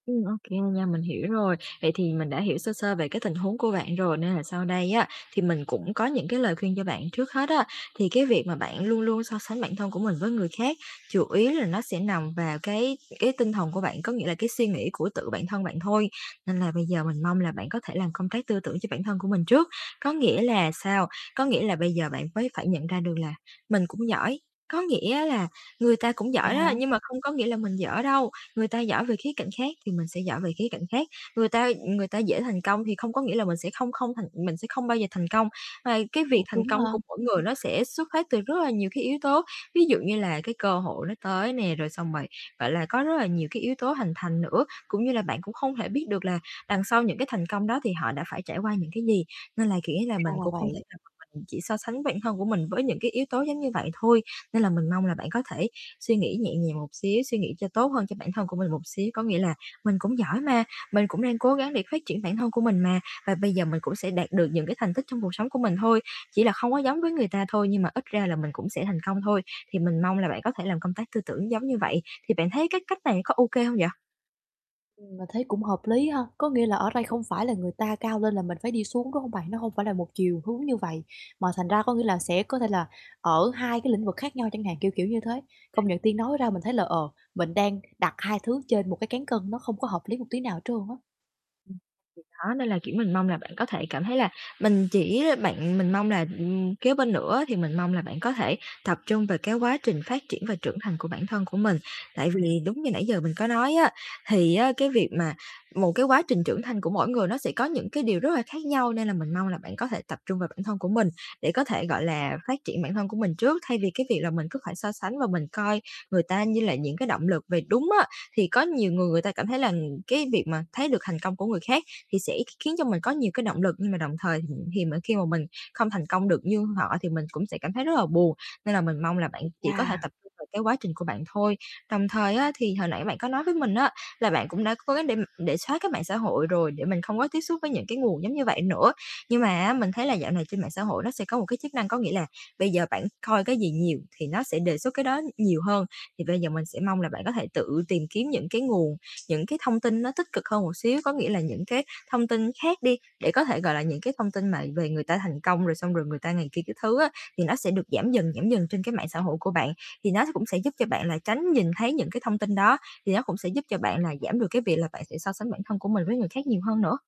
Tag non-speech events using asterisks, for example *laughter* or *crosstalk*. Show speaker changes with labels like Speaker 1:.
Speaker 1: Ừm, ô kê nha, mình hiểu rồi. Vậy thì mình đã hiểu sơ sơ về cái tình huống của bạn rồi nên là sau đây á thì mình cũng có những cái lời khuyên cho bạn. Trước hết á, thì cái việc mà bạn luôn luôn so sánh bản thân của mình với người khác chủ yếu là nó sẽ nằm vào cái cái tinh thần của bạn, có nghĩa là cái suy nghĩ của tự bạn thân bạn thôi, nên là bây giờ mình mong là bạn có thể làm công tác tư tưởng cho bản thân của mình trước. Có nghĩa là sao? Có nghĩa là bây giờ bạn mới phải nhận ra được là mình cũng giỏi. Có nghĩa là người ta cũng
Speaker 2: Vậy
Speaker 1: giỏi đó,
Speaker 2: hả?
Speaker 1: nhưng mà không có nghĩa là mình dở đâu, người ta giỏi về khía cạnh khác thì mình sẽ giỏi về khía cạnh khác. Người ta, ừm, người ta dễ thành công thì không có nghĩa là mình sẽ không không thành mình sẽ không bao giờ thành công. Mà cái việc
Speaker 2: Cũng
Speaker 1: thành
Speaker 2: đúng
Speaker 1: công
Speaker 2: ha.
Speaker 1: của mỗi người nó sẽ xuất phát từ rất là nhiều cái yếu tố ví dụ như là cái cơ hội nó tới nè, rồi xong rồi, gọi là, có rất là nhiều cái yếu tố hình thành nữa, cũng như là bạn cũng không thể biết được là đằng sau những cái thành công đó thì họ đã phải trải qua những cái gì. Nên là, kiểu là,
Speaker 2: Ra
Speaker 1: mình
Speaker 2: là
Speaker 1: cũng không
Speaker 2: vậy.
Speaker 1: thể nào mà mình chỉ so sánh bản thân của mình với những cái yếu tố giống như vậy thôi. Nên là mình mong là bạn có thể suy nghĩ nhẹ nhàng một xíu, suy nghĩ cho tốt hơn cho bản thân của mình một xíu, có nghĩa là "Mình cũng giỏi mà, mình cũng đang cố gắng để phát triển bản thân của mình mà, và bây giờ mình cũng sẽ đạt được những cái thành tích trong cuộc sống của mình thôi, chỉ là không có giống với người ta thôi, nhưng mà ít ra là mình cũng sẽ thành công thôi." Thì mình mong là bạn có thể làm công tác tư tưởng giống như vậy, thì bạn thấy cái cách này có ô kê hông vậy?
Speaker 2: Ừm, mình thấy cũng hợp lý ha, có nghĩa là ở đây không phải là người ta cao lên là mình phải đi xuống, đúng không bạn? Nó hông phải là một chiều hướng như vậy mà thành ra có nghĩa là sẽ có thể là ở hai cái lĩnh vực khác nhau chẳng hạn, kiểu kiểu như thế. Công
Speaker 1: *unintelligible*
Speaker 2: nhận Tiên nói ra mình thấy là, ờ, mình đang đặt 2 thứ trên 1 cái cán cân nó không có hợp lý một tí nào trơn á.
Speaker 1: Ừm, thì đó nên là, kiểu, mình mong là bạn có thể cảm thấy là mình chỉ bạn mình mong là, ừm, kế bên nữa thì mình mong là bạn có thể tập trung về cái quá trình phát triển và trưởng thành của bản thân của mình. Tại vì đúng như nãy giờ mình có nói á, thì á, cái việc mà một cái quá trình trưởng thành của mỗi người nó sẽ có những cái điều rất là khác nhau, nên là mình mong là bạn có thể tập trung vào bản thân của mình để có thể, gọi là, phát triển bản thân của mình trước thay vì cái việc là mình cứ phải so sánh và mình coi người ta như là những cái động lực. Về đúng á, thì có nhiều người người ta cảm thấy là, ừm, cái việc mà thấy được thành công của người khác thì sẽ kh khiến cho mình có nhiều cái động lực nhưng mà đồng thời thì mình khi mà mình không thành công được như họ thì mình cũng sẽ cảm thấy rất là buồn, nên là mình mong là bạn chỉ có thể
Speaker 2: Chà.
Speaker 1: tập trung vào cái quá trình của bạn thôi. Đồng thời á, thì hồi nãy bạn có nói với mình á là bạn cũng đã cố gắng để m để xóa cái mạng xã hội rồi để mình không có tiếp xúc với những cái nguồn giống như vậy nữa. Nhưng mà á mình thấy là dạo này trên mạng xã hội nó sẽ có một cái chức năng, có nghĩa là bây giờ bạn coi cái gì nhiều thì nó sẽ đề xuất cái đó nhiều hơn. Thì bây giờ mình sẽ mong là bạn có thể tự tìm kiếm những cái nguồn, những cái thông tin nó tích cực hơn một xíu, có nghĩa là những cái thông tin khác đi, để có thể, gọi là, những cái thông tin mà về người ta thành công rồi xong rồi người ta ngày kia các thứ á, thì nó sẽ được giảm dần, giảm dần trên cái mạng xã hội của bạn, thì nó cũng sẽ giúp cho bạn là tránh nhìn thấy những cái thông tin đó, thì nó cũng sẽ giúp cho bạn là giảm được cái việc là bạn sẽ so sánh bản thân của mình với người khác nhiều hơn nữa.